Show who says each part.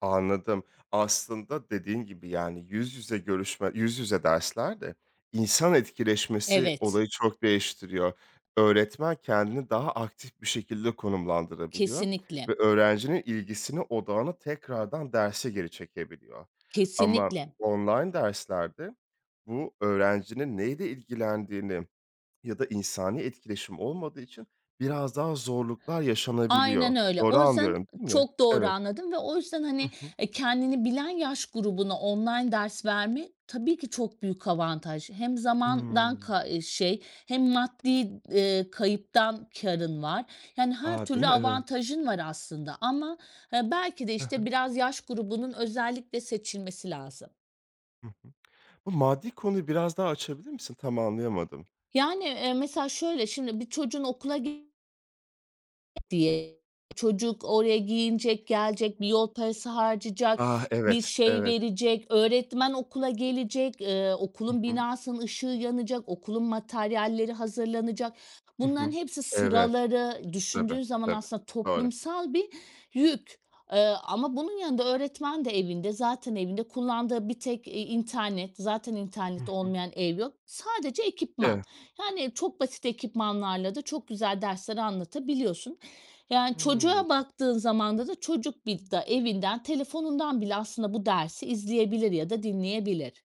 Speaker 1: Anladım. Aslında dediğin gibi, yani, yüz yüze görüşme yüz yüze derslerde insan etkileşmesi
Speaker 2: Evet.
Speaker 1: olayı çok değiştiriyor. Öğretmen kendini daha aktif bir şekilde konumlandırabiliyor ve
Speaker 2: Kesinlikle.
Speaker 1: öğrencinin ilgisini, odağını tekrardan derse geri çekebiliyor. Ama
Speaker 2: Kesinlikle.
Speaker 1: online derslerde bu öğrencinin neyle ilgilendiğini ya da insani etkileşim olmadığı için biraz daha zorluklar yaşanabiliyor.
Speaker 2: Aynen öyle.
Speaker 1: Doğru
Speaker 2: O yüzden
Speaker 1: anlıyorum, değil mi?
Speaker 2: Çok doğru
Speaker 1: Evet.
Speaker 2: anladım ve o yüzden,
Speaker 1: Hı
Speaker 2: hani,
Speaker 1: hı.
Speaker 2: kendini bilen yaş grubuna online ders vermek tabii ki çok büyük avantaj. Hem zamandan
Speaker 1: Hımm.
Speaker 2: kay eee, şey hem maddi, ııı, kayıptan kârın var. Yani her
Speaker 1: A, değil
Speaker 2: türlü
Speaker 1: mi? Evet.
Speaker 2: avantajın var aslında ama belki de,
Speaker 1: Hı hı.
Speaker 2: işte, biraz yaş grubunun özellikle seçilmesi lazım.
Speaker 1: Hı hı. Bu maddi konuyu biraz daha açabilir misin? Tam anlayamadım.
Speaker 2: Yani, eee, mesela şöyle: Şimdi bir çocuğun okula gi Diye çocuk oraya giyinecek, gelecek, bir yol parası harcayacak,
Speaker 1: Ah!
Speaker 2: bir
Speaker 1: Evet,
Speaker 2: şey
Speaker 1: evet.
Speaker 2: verecek, öğretmen okula gelecek, ııı,
Speaker 1: Hı
Speaker 2: okulun
Speaker 1: hı.
Speaker 2: binasının ışığı yanacak, okulun materyalleri hazırlanacak.
Speaker 1: Hı
Speaker 2: Bunların
Speaker 1: hı.
Speaker 2: hepsi
Speaker 1: Evet.
Speaker 2: Sıraları.
Speaker 1: Tabii,
Speaker 2: Düşündüğün zaman
Speaker 1: tabii.
Speaker 2: aslında
Speaker 1: Doğru.
Speaker 2: toplumsal bir yük. Eee, ama bunun yanında öğretmen de evinde. Zaten evinde kullandığı bir tek i internet. Zaten
Speaker 1: Hı
Speaker 2: internet
Speaker 1: hı.
Speaker 2: olmayan ev yok. Sadece ekipman.
Speaker 1: Evet.
Speaker 2: Yani çok basit ekipmanlarla da çok güzel dersler anlatabiliyorsun. Yani
Speaker 1: Hıı.
Speaker 2: çocuğa baktığın zamanda da çocuk bil da evinden telefonundan bile aslında bu dersi izleyebilir ya da dinleyebilir.